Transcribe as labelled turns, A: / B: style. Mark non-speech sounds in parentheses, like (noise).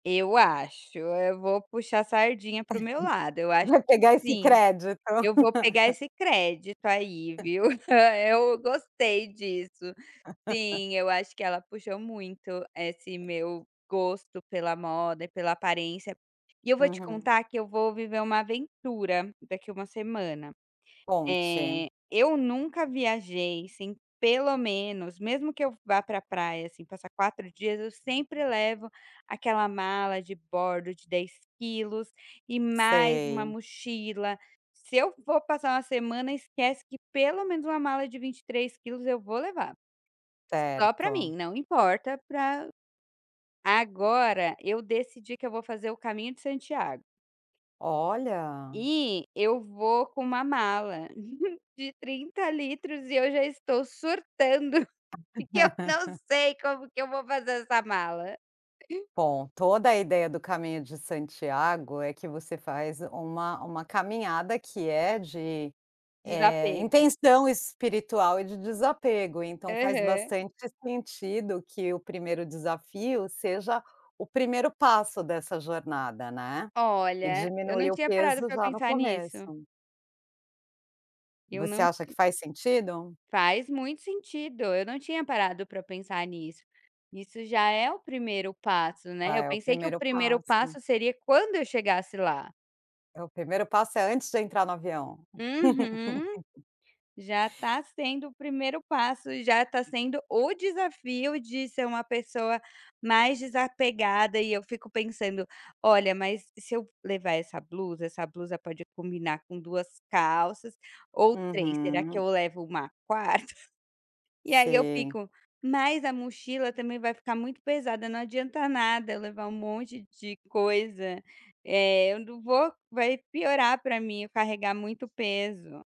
A: Eu acho, eu vou puxar sardinha para o meu lado,
B: (chuckles)
A: eu acho
B: Vai
A: que
B: pegar esse
A: sim,
B: crédito.
A: eu vou pegar
B: (laughs)
A: esse crédito aí, viu. (chuckles) Eu gostei disso.
B: (laughs)
A: Sim, eu acho que ela puxou muito esse meu gosto pela moda e pela aparência, e eu vou te contar
B: Uhum.
A: que eu vou viver uma aventura daqui 1 semana.
B: Conte.
A: Eh, eu nunca viajei sem, pelo menos, mesmo que eu vá para praia, assim, passar 4 dias, eu sempre levo aquela mala de bordo de 10 quilos e mais 1
B: Sei.
A: mochila, se eu for passar 1 semana, esquece, que, pelo menos, uma mala de 23 quilos eu vou levar. Só para
B: Certo.
A: mim. Não importa para agora, eu decidi que eu vou fazer o caminho de Santiago.
B: Olha.
A: E eu vou com 1 mala, (chuckles) de 30 litros e eu já estou surtando, que eu não
B: (laughs)
A: sei como que eu vou fazer essa mala.
B: Bom, toda a ideia do caminho de Santiago é que você faz uma uma caminhada que é de, eh,
A: Desapego.
B: intenção espiritual e de desapego, então, faz
A: Aham.
B: bastante sentido que o 1º desafio seja o 1º passo dessa jornada, né. E
A: Olha, eu não
B: diminuir o
A: tinha parado
B: peso
A: para
B: já no
A: pensar nisso.
B: começo.
A: Eu
B: Você
A: não
B: acha que faz sentido?
A: Faz muito sentido, eu não tinha parado para pensar nisso. Isso já é o 1º passo, né,
B: Ah,
A: eu
B: é o
A: pensei que o
B: 1º
A: 1º
B: passo.
A: passo seria quando eu chegasse lá.
B: É o 1º passo é antes de entrar no avião.
A: Uhum.
B: (laughs)
A: Já tá sendo o 1º passo, já tá sendo o desafio de ser uma pessoa mais desapegada e eu fico pensando: "Olha, mas se eu levar essa blusa, essa blusa pode combinar com 2 calças ou 3, será que
B: Hum.
A: eu levo uma 4ª?" E aí eu
B: Sim.
A: fico: "Mas a mochila também vai ficar muito pesada, não adianta nada, levar um monte de coisa, eh, eu não vou vai piorar para mim, eu carregar muito peso".